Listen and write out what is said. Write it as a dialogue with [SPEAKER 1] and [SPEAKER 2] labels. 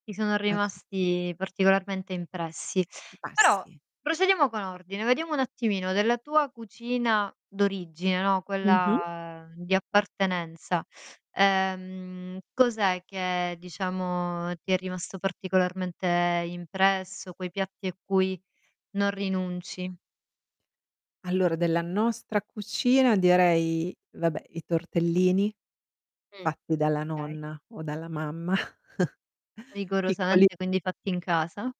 [SPEAKER 1] Ti sono
[SPEAKER 2] Ah s
[SPEAKER 1] rimasti particolarmente impressi.
[SPEAKER 2] Ma
[SPEAKER 1] Però
[SPEAKER 2] sì.
[SPEAKER 1] procediamo con ordine, vediamo un attimino: della tua cucina d'origine, no,
[SPEAKER 2] Mh-mh.
[SPEAKER 1] quella di appartenenza, ehm, cos'è che, diciamo, ti è rimasto particolarmente impresso, quei piatti a cui non rinunci?
[SPEAKER 2] Allora, della nostra cucina direi, vabbè, i tortellini
[SPEAKER 1] Mh.
[SPEAKER 2] fatti dalla
[SPEAKER 1] Okay.
[SPEAKER 2] nonna, o dalla mamma, piccoli.
[SPEAKER 1] Rigorosamente, quindi, fatti in casa.